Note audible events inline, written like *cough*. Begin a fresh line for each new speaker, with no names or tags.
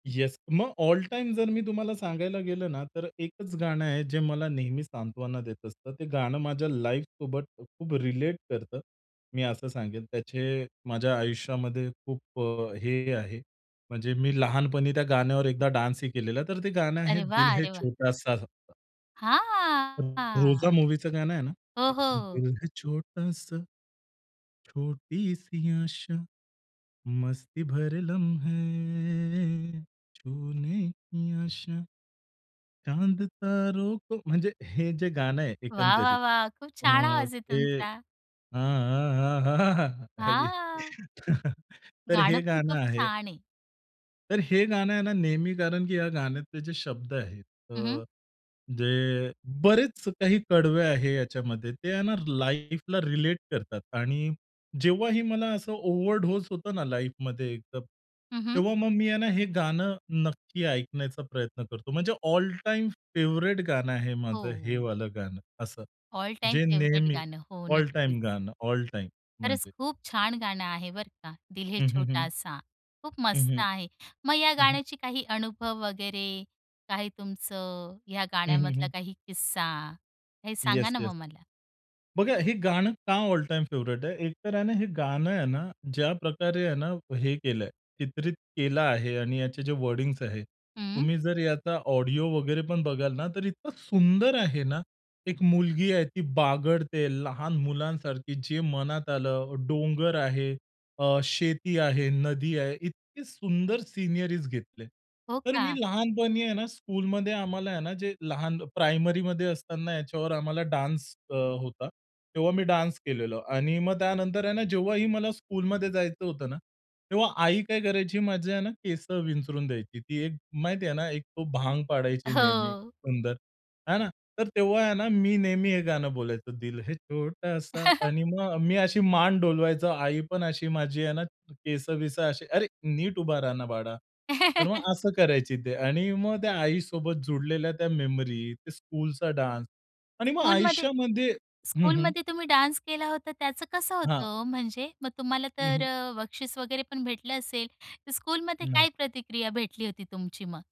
Yes, मग all time जर मी तुम्हाला सांगायला गेलो ना, तर एकच गाणं आहे जे मला नेहमी सांत्वना देत असतं. ते गाणं माझ्या लाईफसोबत खूप रिलेट करतं मी असं सांगेल. त्याचे माझ्या आयुष्यामध्ये खूप अ, हे आहे म्हणजे मी लहानपणी त्या गाण्यावर एकदा डान्सही केलेला. तर ते गाणं आहे
अरे
दिल
वाह,
है
अरे वाह!
छोटासा. *unintelligible* रोजा
हां.
मूव्हीचं गाणं आहे ना
हो,
की
हो.
दिल है छोटासा, छोटी सी आशा, मस्ती भरे लम्हे छूने की आशा, चांद तारो को म्हणजे हे जे गाणं आहे
वाह, वाह,
एकंदरीत
वाह! खूप
अ,
छान आवाज आहे
ते
तुमचा!
हां, हां, हां, हां.
हां.
*chuckles* तर, तर
गाणं
हे
पण
गाणं
खूप
आहे.
छान आहे.
तर हे गाणं आहे ना नेहमी, कारण की या गाण्यातले जे शब्द आहेत
हं, हं.
अ, जे बरेच काही कडवे आहे याच्यामध्ये ते आहे ना लाईफला रिलेट करतात आणि जेव्हाही मला असं ओव्हरडोज होतं ना लाईफमध्ये एकदम,
हं, हं.
तेव्हा मग मी आहे ना हे गाणं नक्की ऐकण्याचा प्रयत्न करतो. म्हणजे ऑल टाईम फेव्हराइट गाणं आहे
हो,
माझं हे
हो.
वालं गाणं असं.
ऑल टाईम
जे
फेव्हरेट
नेहमी
गाणं. हो,
ऑल
नक्कीच.
टाईम गाणं. All time.
खरंच
म्हणजे
खूप छान गाणं आहे बरं का दिल है
हं, हं, हं.
छोटासा खूप
हं,
मस्त
हं.
आहे. मग या
हं, हं.
गाण्याची काही अनुभव वगैरे, काही तुमचं या
हं, हं,
गाण्यामधला
हं.
काही किस्सा, हे सांगा
येस,
ना
येस.
मग मला.
बघा, हे गाणं का ऑल टाईम फेव्हरेट आहे? एक तर आहे ना, हे गाणं आहे ना ज्या प्रकारे आहे ना हे केलंय, चित्रित केलं आहे आणि याचे जे वर्डिंग्स आहे,
हं.
तुम्ही जर याचा ऑडिओ वगैरे पण बघाल ना, तर इतकं सुंदर आहे ना. एक मुलगी आहे, ती बागडते लहान मुलांसारखी, जे मनात आलं. डोंगर आहे, अ, शेती आहे, नदी आहे, इतकी सुंदर सिनरीज घेतले.
हो
तर मी
का?
लहानपणी आहे ना, स्कूलमध्ये आम्हाला आहे ना, जे लहान प्रायमरीमध्ये असताना, याच्यावर आम्हाला डान्स अ, होता. तेव्हा मी डान्स केलेला. आणि मग त्यानंतर आहे ना, जेव्हाही मला स्कूलमध्ये जायचं होतं ना, तेव्हा आई काय करायची माझी आहे ना केस विंचरून द्यायची. ती एक, माहिती आहे ना, एक तो भांग पाडायची नेहमी
हो.
सुंदर, है ना? तर तेव्हा आहे ना, मी नेहमी हे गाणं बोलायचो, दिल है छोटासा
*chuckles*
आणि मग मी अशी मान डोलवायचो. आई पण अशी, माझी आहे ना केसं-विसं, अशी, "अरे, नीट उभा रहा ना, बाळा." तर
*chuckles*
मग असं करायची ते. आणि मग त्या आईसोबत जुळलेल्या त्या मेमरी, ते स्कूलचा डान्स. आणि मग
स्कूलमध्ये
आयुष्यामध्ये हं, हं.
स्कूलमध्ये तुम्ही डान्स केला होता, त्याचं कसं
हां.
होतं ओ म्हणजे? मग तुम्हाला
हं,
तर
हं.
अ, बक्षीस वगैरे पण भेटलं असेल, तर स्कूलमध्ये
नाही.
काय प्रतिक्रिया भेटली होती तुमची मग?